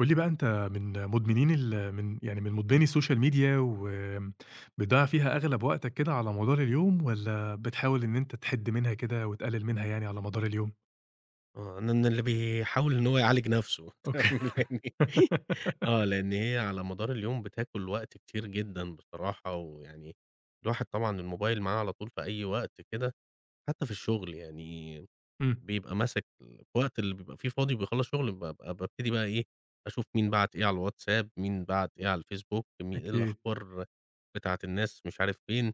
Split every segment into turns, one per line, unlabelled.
قُل لي بقى، أنت من مُدمنين ال من يعني من مُدمنين الSocial Media وم بتضيّع فيها أغلَب وقتك كده على مدار اليوم والّا بتحاول إن أنت تحِد منها كده وتقلِّل منها يعني على مدار اليوم؟
آه، أنا إن اللي بيحاول إن هو يعالج نَفْسه
أوكي.
[unintelligible] آه، لإن هي على مدار اليوم بتاكُل وقت كتير جدًا بصراحة ويعني الواحد طبعًا الموبايل معاه على طول في أي وقت كده حتّى في الشُغل يعني،
إمم.
بيبقى ماسِك الوقت اللي بيبقى فيه فاضي وبيخلّص شُغله بابقى بابتدي بقى إيه، أشوف مين بَعَت إيه على الWhatsApp، مين بَعَت إيه على الFacebook، مين إيه
أكيد.
الأخبار بتاعة الناس مش عارف فين؟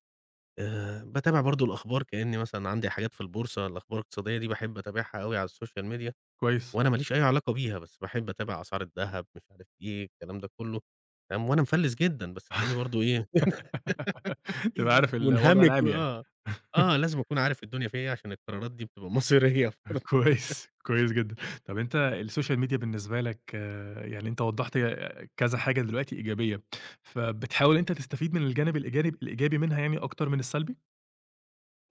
آآ باتابع برضه الأخبار كإنّي مثلًا عندي حاجات في البورصة، الأخبار الاقتصادية دي باحب أتابعها أوي على الSocial Media
كويس.
وأنا ماليش أي علاقة بيها، بس باحب أتابع أسعار الدهب مش عارف إيه، الكلام ده كُلّه فاهم، وأنا مفلِّس جدًا، بس تلاقيني برضه إيه،
تبقى عارف الوضع
مُنهَمِك
العام يعني.
وآه. آه، لازم أكون عارف الدنيا فيها إيه عشان القرارات دي بتبقى مصيريّة [unintelligible]
كويس، كويس جدًا. طَب أنت الSocial Media بالنسبة لك يعني أنت وضّحت ه كذا حاجة دلوقتي إيجابية، فبتحاول إن أنت تستفيد من الجانب الإيجابي- الإيجابي منها يعني أكتر من السلبي؟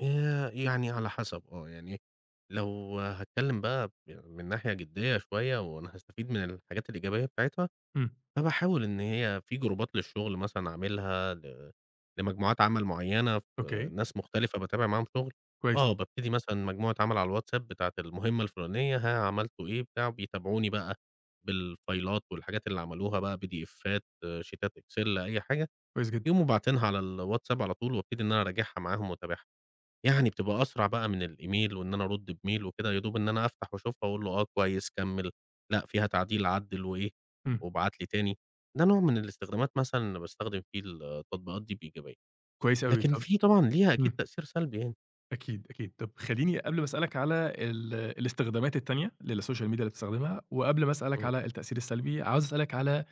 آآ يعني على حسب، آه يعني لو هاتكلّم بقى ب من ناحية جديّة شوية، وأنا هستفيد من الحاجات الإيجابية بتاعتها،
إمم.
فباحاول إن هي في جروبات للشغل مثلًا، اعملها ل لمجموعات عَمل معيّنة، في
أوكي.
ناس مختلفة، بتابع معاهم شُغل،
كويس.
آه بابتدي مثلًا مجموعة عَمل على الWhatsApp، بتاعة المهمة الفُلانية، ها عملتوا إيه، بتاع، وبيتابعوني بقى بالفايلات، والحاجات اللي عملوها بقى، بي دي إفّات، شيتات، Excel، أي حاجة،
كويس جدًا.
يقوموا باعتينها على الWhatsApp على طول، وأبتدي إن أنا أراجعها معاهم، وأتابعها، يعني بتبقى أسرع بقى من الemail، وإن أنا أرد بmail وكده، يا دوب إن أنا أفتح، وأشوفها وأقول له "آه، كويس، كمّل، لأ فيها تعديل، عدّل وإيه،
إمم.
وابعت لي تاني." ده نوع من الاستخدامات مثلًا، أنا باستخدم فيه التطبيقات دي بإيجابية،
كويس أوي
لكن
طَب،
في طبعًا ليها أكيد
امم.
تأثير سلبي يعني.
أكيد، أكيد، طَب خلّيني، قبل ما أسأل لك على ال الإستخدامات التانية للSocial Media، اللي بتستخدمها، وقبل ما أسأل لك
إمم.
على التأثير السلبي، عاوز أسأل لك على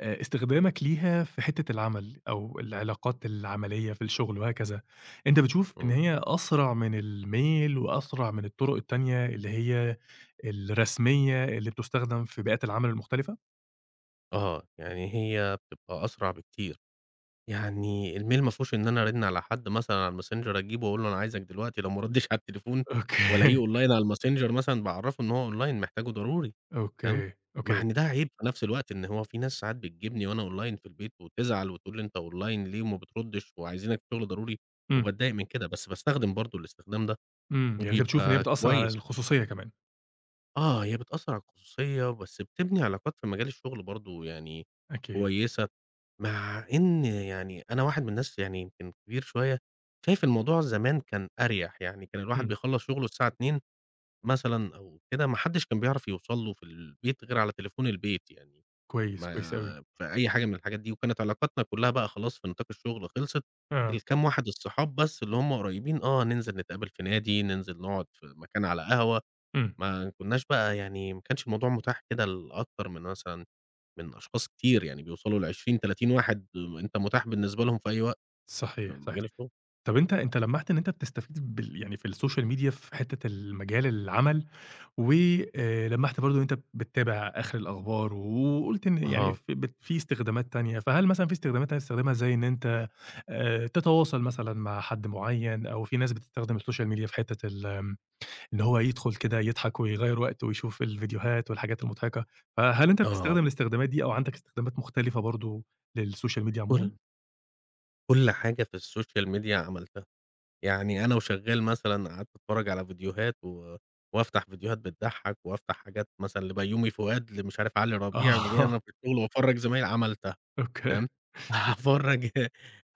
آآ إستخدامك ليها في حتة العَمل، أو العلاقات العَملية في الشُغل، وهكذا، أنت بتشوف إن
إمم.
هي أسرع من الMail، وأسرع من الطُرق التانية، اللي هي الرسمية، اللي بتُستخدم في بيئات العَمل المختلفة؟
آه يعني هي بتبقى أسرع بكتير، يعني الmail ما فيهوش إن أنا أرِن على حد مثلًا على الMessenger أجيبه أقول له أنا عايزك دلوقتي لو ما ردّيتش على التليفون وألاقيه
أوكي.
online على الMessenger مثلًا باعرفه إن هو online محتاجه ضروري تمام؟
أوكي،
مع
أوكي.
إن ده عيِْب في نَفْس الوقت إن هو فيه ناس ساعات بتجيبني وأنا online في البيت وتزعل وتقول لي أنت online ليه وما بتردّش وعايزينك في شغل ضروري
إمم.
وبتضايق من كده، بس باستخدم برضه الاستخدام ده
إمم يعني أنت بتشوف إن هي
وبيبقى
بتأثر على
كويس.
الخصوصية كمان.
آه هي بتأثر على الخصوصية بس بتبني علاقات في مجال الشغل برضه يعني
أكيد.
كويسة، مع إن يعني أنا واحد من الناس يعني يمكن كبير شوية شايف الموضوع زمان كان أريح، يعني كان الواحد
إمم.
بيخلّص شغله الساعة 14:00 مثلًا أو كده ما حدّش كان بيعرف يوصل له في البيت غير على تليفون البيت يعني،
كويس، كويس أوي.
ما في أي حاجة من الحاجات دي وكانت علاقاتنا كلها بقى خلاص في نطاق الشغل خلصت
آه.
الكام واحد الصحاب بس اللي همّ قُريّبين آه ننزل نتقابل في نادي ننزل نقعد في مكان على قهوة،
إمم.
ما كُنّاش بقى يعني ما كانش الموضوع مُتاح كده لأكتر من مثلًا من أشخاص كتير يعني بيوصلوا ل20، 30 واحد آآ أنت مُتاح بالنسبة لهم في أي وقت في
صحيح صحيح،
مجال الشغل.
طَب أنت أنت لمّحت إن أنت بتستفيد بال يعني في الSocial Media في حتّة المجال العمل، و آآ لمّحت برضه إن أنت بتابع آخر الأخبار وقُلت إن يعني
آه.
ف بت فيه استخدامات تانية، فهل مثلًا فيه استخدامات تانية بتستخدمها زي إن أنت آآ تتواصل مثلًا مع حد معين؟ أو فيه ناس بتستخدم الSocial Media في حتة ال آآ إن هو يدخل كده يضحك ويغيّر وقته ويشوف الفيديوهات والحاجات المضحكة، فهل أنت
آه.
بتستخدم الاستخدامات دي أو عندك استخدامات مختلفة برضه للSocial Media عمومًا؟
كل كل حاجة في الSocial Media عملتها، يعني أنا وشغال مثلًا قعدت أتفرج على فيديوهات و وأفتح فيديوهات بتضحّك وأفتح حاجات مثلًا لبيومي فؤاد لمش عارف علي ربيع
آه.
[unintelligible] في الشغل وأفرّج زمايلي عملتها
أوكي.
تمام؟ أفرّج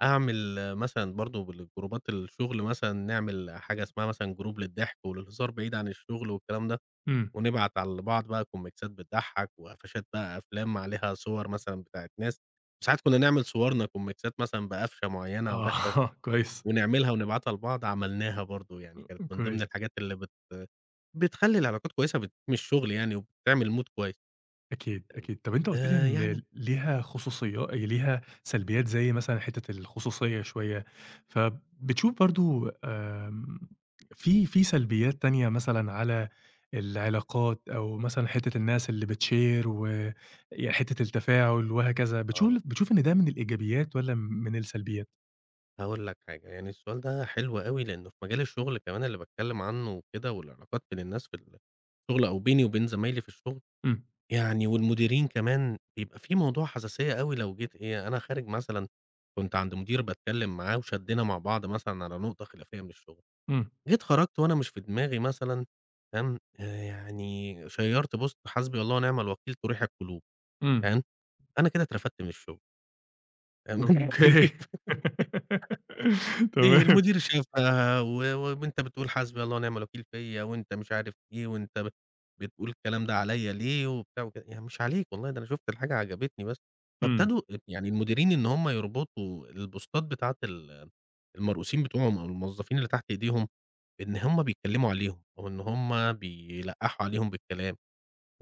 أعمل مثلًا برضه بالجروبات الشغل مثلًا نعمل حاجة اسمها مثلًا group للضحك وللهزار بعيد عن الشغل والكلام ده،
إمم.
ونبعت على بعض بقى كُوميكْسات بتضحك وقفشات بقى أفلام عليها صور مثلًا بتاعة ناس، وساعات كُنّا نعمل صورنا كُوميكْسات مثلًا بقفشة معينة وضحكة،
آه كويس.
ونعملها ونبعتها لبعض عملناها برضه يعني كانت من ضمن
كويس.
الحاجات اللي بت بتخلّي العلاقات كويسة وبتدعّم الشغل يعني وبتعمل mood كويس.
أكيد، أكيد طَب أنت قُلت لي
آآ
إن
يعني.
ليها خصوصية ليها سلبيّات زي مثلًا حتّة الخصوصية شوية، فبتشوف برضه آآ فيه فيه سلبيّات تانية مثلًا على العلاقات أو مثلًا حتّة الناس اللي بتshare و ي حتّة التفاعل وهكذا بتشوف
آه.
بتشوف إن ده من الإيجابيات والّا م من السلبيات؟
هاقول لك حاجة يعني السؤال ده حلو أوي لأنه في مجال الشغل كمان اللي باتكلم عنه وكده والعلاقات بين الناس في ال الشغل أو بيني وبين زمايلي في الشغل،
إمم.
يعني والمديرين كمان بيبقى فيه موضوع حساسيّة أوي لو جيت إيه، أنا خارج مثلًا كنت عند مدير باتكلم معاه وشدّينا مع بعض مثلًا على نقطة خلافيّة من الشغل،
إمم.
جيت خرجت وأنا مش في دماغي مثلًا تمام؟ آآ يعني شَيَّرت post حسبي الله ونعم الوكيل تُريْح القُلوب
إمم.
تمام؟ أنا كده اترفدْت من الشغل.
أوك
[unintelligible] في Hل في
تمام.
المدير شافها، و وأنت بتقول حسبي الله ونعم الوكيل فيّا، وأنت مش عارف إيه، وأنت ب بتقول الكلام ده عليّا ليه؟ وبتاع وكده، يعني مش عليك والله، ده أنا شُفت الحاجة عجبتني، بس
إمم.
فابتدوا ال يعني المديرين، إن هُم يربطوا البوستات بتاعة ال المرؤوسين بتوعهم، أو الموظّفين اللي تحت ايديهم، إن هُم بيتكلموا عليهم، وإن هُم بيلقحوا عليهم بالكلام،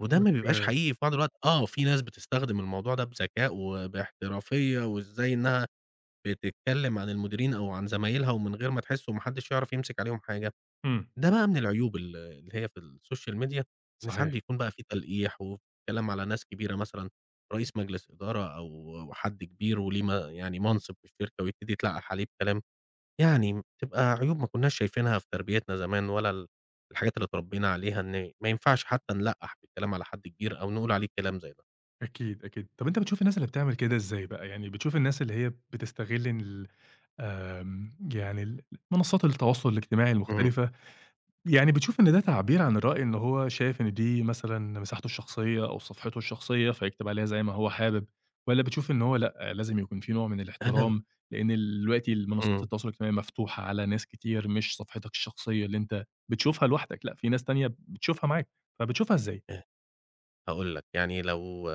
وده ما بيبقاش
أوك.
حقيقي في بعض الوقت، آه، وفي ناس بتستخدم الموضوع ده بذكاء، وباحترافية، وازاي إنها بتتكلم عن المديرين، أو عن زمايلها، ومن غير ما تحس، وما حدّش يعرف يمسك عليهم حاجة،
إمم.
ده بقى من العيوب ال اللي هي في الSocial Media، إن ساعات
صحيح.
بيكون بقى في تلقيح، وكلام على ناس كبيرة مثلًا، رئيس مجلس إدارة، أو وحد كبير، وليه م يعني منصب في الشركة، ويبتدي يتلقح عليه بكلام، يعني تبقى عيوب ما كنّاش شايفينها في تربيتنا زمان، ولا ال الحاجات اللي اتربينا عليها، إن ما ينفعش حتى نلقّح بالكلام على حد كبير، أو نقول عليه كلام زي ده.
أكيد، أكيد، طَب أنت بتشوف الناس اللي بتعمل كده إزاي بقى؟ يعني بتشوف الناس اللي هي بتستغل ال آمم يعني المنصّات التواصل الاجتماعي
اهم.
المختلفة، يعني بتشوف إن ده تعبير عن الرأي، إن هو شايف إن دي مثلًا مساحته الشخصية، أو صفحته الشخصية، فيكتب عليها زي ما هو حابب؟ والّا بتشوف إن هو لأ، لازم يكون في نوع من
أنا
الاحترام، لإن الوقتي ال منصّات
إمم.
التواصل الاجتماعي مفتوحة على ناس كتير، مش صفحتك الشخصية اللي أنت بتشوفها لوحدك، لأ، في ناس تانية بتشوفها معاك، فبتشوفها إزاي؟
آآ هاقول لك يعني، لو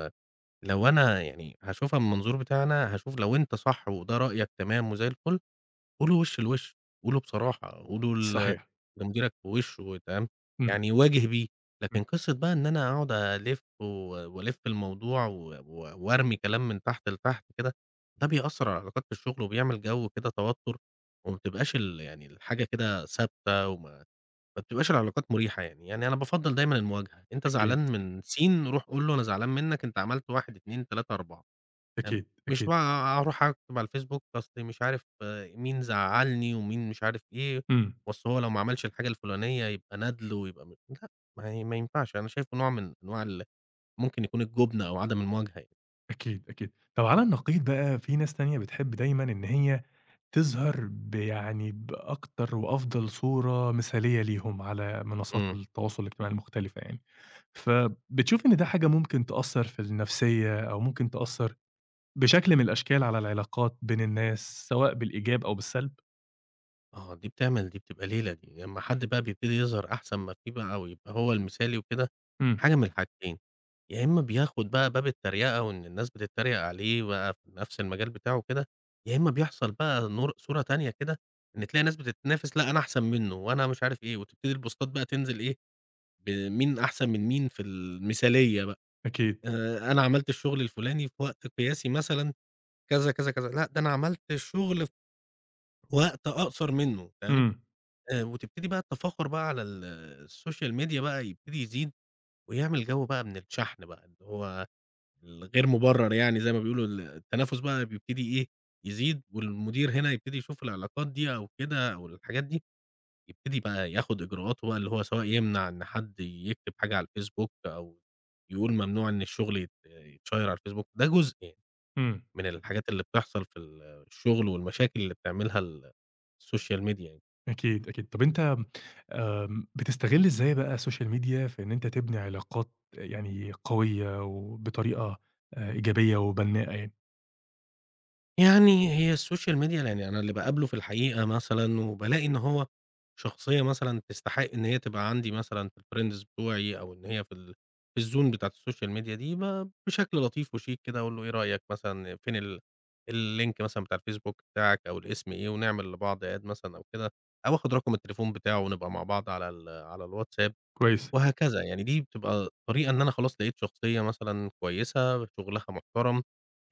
لو أنا يعني هاشوفها من منظور بتاعي أنا هاشوف، لو أنت صح، وده رأيك، تمام، وزي الفُل، قوله له وش لوش، قوله له بصراحة، قوله ل
صحيح.
لمديرك في وشه، تمام،
إمم.
يعني واجه بيه، لكن
إمم.
قصة بقى إن أنا أقعد ألِف وألِف الموضوع، و و وأرمي كلام من تحت لتحت كده، ده بيأثّر على العلاقات في الشغل، وبيعمل جو كده توتر، وما بتبقاش ال يعني الحاجة كده ثابتة، وما ما بتبقاش العلاقات مريحة يعني، يعني أنا بافضّل دايمًا المواجهة، أنت
أكيد.
زعلان من س روح قُل له أنا زعلان مِنّك، أنت عملت 1، 2، 3، 4، فاهم،
أكيد
مش
أكيد.
بقى أروح أكتب على الFacebook، أصل مش عارف مين زعّلني، ومين مش عارف إيه،
إمم.
وأصل هو لو ما عملش الحاجة الفلانية يبقى ندل، ويبقى م لأ، ما ي ما ينفعش، أنا شايفه نوع من أنواع ال ممكن يكون الجُبن، أو عدم المواجهة يعني.
أكيد، أكيد. طب على النقيض بقى فيه ناس تانية بتحب دايمًا إن هي تظهر بيعني بأكتر وأفضل صورة مثالية ليهم على منصات
امم.
التواصل الاجتماعي المختلفة يعني. فبتشوف إن ده حاجة ممكن تأثر في النفسية أو ممكن تأثر بشكل من الأشكال على العلاقات بين الناس سواء بالإيجاب أو بالسلب؟
آه، دي بتعمل، دي بتبقى ليلة دي. لما حد بقى بيبتدي يظهر أحسن ما فيه بقى ويبقى هو المثالي وكده،
امم.
حاجة من الحاجتين: يا إما بياخد بقى باب التريقة، وإن الناس بتتريق عليه بقى في نفس المجال بتاعه وكده، يا إما بيحصل بقى نور صورة تانية كده إن تلاقي ناس بتتنافس، لأ، أنا أحسن منه، وأنا مش عارف إيه. وتبتدي البوستات بقى تنزل إيه، بمين أحسن من مين في المثالية بقى.
أكيد.
آآ، أنا عملت الشغل الفلاني في وقت قياسي مثلًا كذا كذا كذا. لأ، ده أنا عملت شغل في وقت أقصر منه. تمام؟
امم.
آآ، وتبتدي بقى التفاخر بقى على ال الSocial Media بقى يبتدي يزيد، ويعمل جو بقى من الشحن بقى اللي هو ال غير مبرر يعني زي ما بيقولوا، ال التنافس بقى بيبتدي إيه؟ يزيد، والمدير هنا يبتدي يشوف العلاقات دي أو كده أو الحاجات دي، يبتدي بقى ياخد إجراءات هو اللي هو سواء يمنع إن حد يكتب حاجة على الFacebook أو يقول ممنوع إن الشغل يت يتشيّر على الFacebook. ده جزء يعني
امم.
من الحاجات اللي بتحصل في ال الشغل والمشاكل اللي بتعملها ال الSocial Media يعني.
أكيد، أكيد. طب أنت، آمم، بتستغل إزاي بقى Social Media في إن أنت تبني علاقات يعني قوية وبطريقة آآ إيجابية وبناءة يعني؟
يعني هي الSocial Media يعني أنا اللي باقابله في الحقيقة مثلًا، وبالاقي إن هو شخصية مثلًا تستحق إن هي تبقى عندي مثلًا في الfriends بتوعي أو إن هي في ال في الzone بتاعة الSocial Media دي، ب بشكل لطيف وشيك كده أقول له إيه رأيك مثلًا فين ال الlink مثلًا بتاع ال Facebook بتاعك أو الاسم إيه، ونعمل لبعض add مثلًا أو كده، أو آخد رقم التليفون بتاعه ونبقى مع بعض على ال على الWhatsApp،
كويس.
وهكذا. يعني دي بتبقى طريقة إن أنا خلاص لقيت شخصية مثلًا كويسة، شغلها محترم.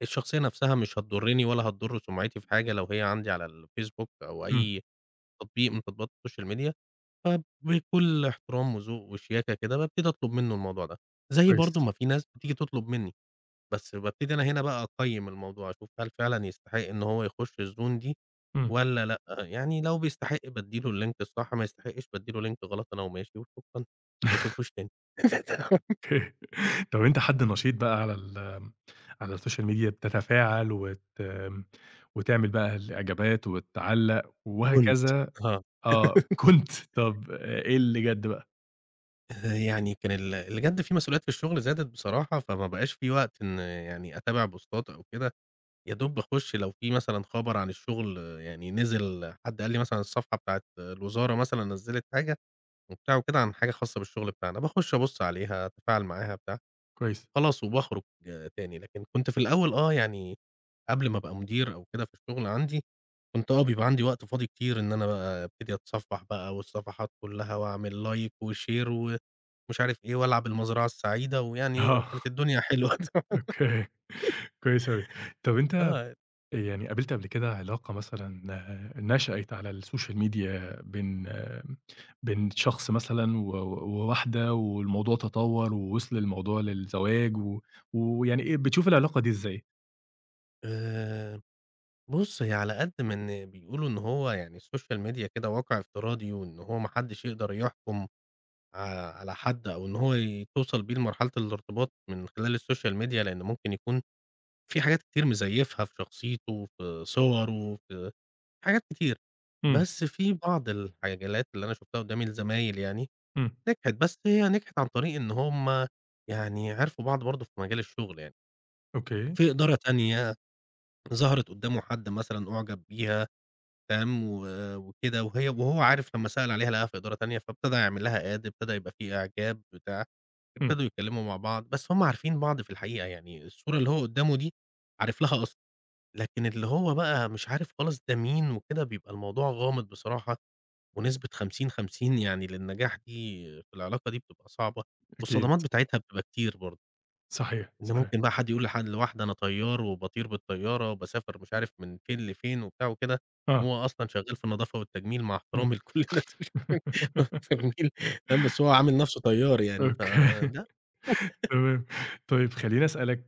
الشخصية نفسها مش هتضرني ولا هتضر سمعتي في حاجة لو هي عندي على الFacebook أو
امم.
أي تطبيق من تطبيقات الSocial Media، فبكل احترام وذوق وشياكة كده بابتدي أطلب منه الموضوع ده. زي
كويس.
برضو ما في ناس بتيجي تطلب مني، بس بابتدي أنا هنا بقى أقيِّم الموضوع، أشوف هل فعلًا يستحق إن هو يخش الzone دي
امم.
والّا لأ. آآ، يعني لو بيستحق بادي له الlink الصح، ما يستحقش بادي له link غلط أنا وماشي، وشكرًا، وما باشوفوش تاني
طب أنت حد نشيط بقى على ال آآ، على الSocial Media بتتفاعل وت وتعمل بقى الإعجابات وتعلّق
كنت،
وهكذا؟
آه.
آه، كنت. طب إيه اللي جد بقى؟
آآ يعني كان ال اللي جَد في مسؤوليات في الشُغل زادت بصراحة، فما بقاش في وقت إن يعني أتابع بوستات أو كده، يا دوب باخُش لو فيه مثلًا خبر عن الشُغل يعني نزل، حد قال لي مثلًا الصفحة بتاعة الوزارة مثلًا نزِّلت حاجة وبتاع وكده عن حاجة خاصة بالشُغل بتاعنا، باخش أبُص عليها، أتفاعل معاها بتاع،
كويس.
خلاص وباخرُج تاني. لكن كنت في الأول آه، يعني قبل ما أبقى مدير أو كده في الشُغل عندي، كنت آه، بيبقى عندي وقت فاضي كتير إن أنا بقى أبتدي أتصفَّح بقى والصفحات كُلّها وأعمل like وshare ومش عارف إيه، وألعب المزرعة السعيدة ويعني كانت
آه.
الدنيا حلوة.
أوكي، كويس أوي. طّب أنت آآ
آه.
يعني قابلت قبل كده علاقة مثلًا نشأت على الSocial Media بين بين شخص مثلًا و و وواحدة والموضوع تطوَّر ووصل الموضوع للزواج و ويعني إيه، بتشوف العلاقة دي إزاي؟
آآ بُص، هي على قد ما إن بيقولوا إن هو يعني الSocial Media كده واقع افتراضي وإن هو ما حدّش يقدر يحكُم ع على حد أو إن هو توصل بيه لمرحلة الارتباط من خلال الSocial Media، لإن ممكن يكون في حاجات كتير مزيّفها في شخصيته، في صوره، في حاجات كتير.
إمم.
بس في بعض الحالات اللي أنا شُفتها قُدّامي لزمايل يعني
إمم.
نجحت، بس هي نجحت عن طريق إن هم يعني عرفوا بعض برضه في مجال الشُغل يعني.
أوكي.
في إدارة تانية ظهرت قُدّامه حد مثلًا أُعجب بيها تمام، و وكده، وهي وهو عارف لمّا سأل عليها لقاها في إدارة تانية، فابتدى يعمل لها add، ابتدى يبقى فيه إعجاب بتاع،
إمم.
ابتدوا يتكلِّموا مع بعض، بس هم عارفين بعض في الحقيقة، يعني الصورة اللي هو قُدّامه دي عارف لها أصل، لكن اللي هو بقى مش عارف خالص ده مين وكده، بيبقى الموضوع غامض بصراحة ونسبة 50، 50 يعني للنجاح دي في العلاقة دي بتبقى صعبة
أكيد.
والصدمات بتاعتها بتبقى كتير برضه.
صحيح،
إن
صحيح.
ممكن بقى حد يقول لحد لواحدة أنا طيار وباطير بالطيارة وباسافر مش عارف من فين لفين وبتاع وكده،
آه.
وهو أصلًا شغّال في النضافة والتجميل مع
إمم.
احترامي لكل الناس اللي شغ [unintelligible] تمام، بس هو عامل نَفْسه طيار يعني،
أوكي.
فده
تمام. طيب خلّيني أسألك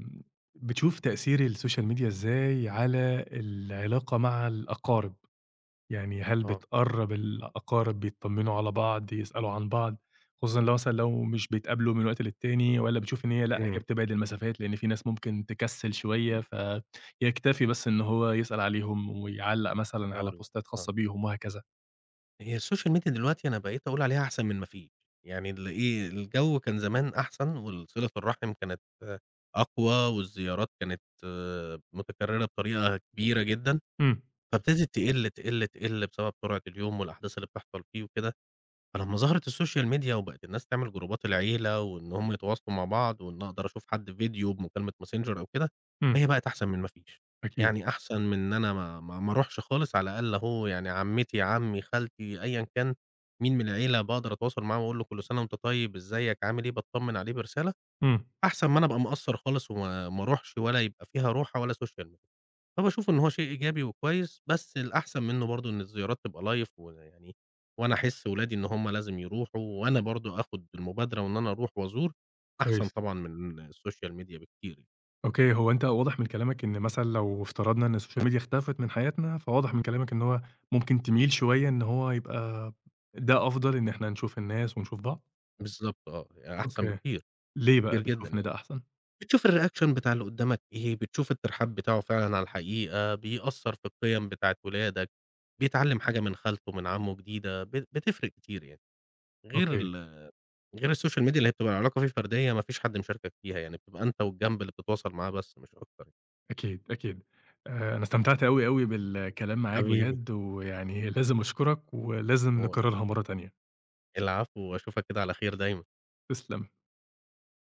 م بتشوف تأثير الSocial media إزاي على العلاقة مع الأقارب؟ يعني هل
آه.
بتقرّب الأقارب بيتطمنوا على بعض، يسألوا عن بعض، خصوصًا لو مثلًا لو مش بيتقابلوا من وقت للتاني والّا بتشوف إن هي لأ، هي
إمم.
بتبعد المسافات لإن فيه ناس ممكن تكسِّل شوية، فيكتفي بس إن هو يسأل عليهم ويعلّق مثلًا على
هاقول لك،
بوستات
آه.
خاصة بيهم وهكذا؟
هي الsocial media دلوقتي أنا بقيت أقول عليها أحسن من ما فيش، يعني الإيه الجو كان زمان أحسن، والصِلة الرَحِم كانت أقوى، والزيارات كانت متُكررة بطريقة كبيرة جدًا.
امم.
فابتدت تقِل تقِل تقِل بسبب سرعة اليوم والأحداث اللي بتحصل فيه وكده، فلما ظهرت الsocial media وبقت الناس تعمل جروبات العيلة، وإن همَ يتواصلوا مع بعض، وإن أقدر أشوف حد فيديو بمكالمة Messenger أو كده،
امم.
هي بقت أحسن من ما فيش.
أكيد.
يعني أحسن من إن أنا ما ما ما أروحش خالص على الأقل أهو يعني عمتي، عمي، خالتي، أيًا كان مين من العيلة، باقدر أتواصل معاه وأقول له كل سنة وأنت طيب، إزيك، عامل إيه، باتطَمن عليه برسالة.
امم.
أحسن ما أنا أبقى مقصّر خالص وما ما أروحش ولا يبقى فيها روحة ولا social media فباشوف إن هو شيء إيجابي وكويس، بس الأحسن منه برضو إن الزيارات تبقى live، ويعني وأنا أحس ولادي إن هُم لازم يروحوا، وأنا برضو آخد المبادرة وإن أنا أروح وأزور أحسن
كويس.
طبعًا من الsocial media بكتير.
أوكي، هو أنت واضح من كلامك إن مثلًا لو افترضنا إن الsocial media اختفت من حياتنا، فواضح من كلامك إن هو ممكن تميل شوية إن هو يبقى ده أفضل إن إحنا نشوف الناس ونشوف بعض؟
بالضبط آه، أحسن
أوكي،
بكتير،
ليه بقى
بكتير جدًا
بتشوف إن
يعني.
ده أحسن؟
بتشوف الreaction بتاع اللي قدامك إيه، بتشوف الترحاب بتاعه فعلًا على الحقيقة، بيأثر في القيم بتاعة ولادك، بيتعلم حاجة من خالته، من عمه جديدة، بت بتفرق كتير يعني. غير
أوكي.
ال غير الsocial media اللي هي بتبقى العلاقة فيها فردية، ما فيش حد مشاركك فيها يعني، بتبقى أنت والجنب اللي بتتواصل معاه بس مش أكتر.
أكيد، أكيد. آآ، أنا استمتعت أوي، أوي بالكلام معاك
حبيبي.
بجد، وي يعني لازم أشكرك، ولازم
[unintelligible]
نكررها مرة تانية.
العفو، وأشوفك كده على خير دايمًا.
تسلم.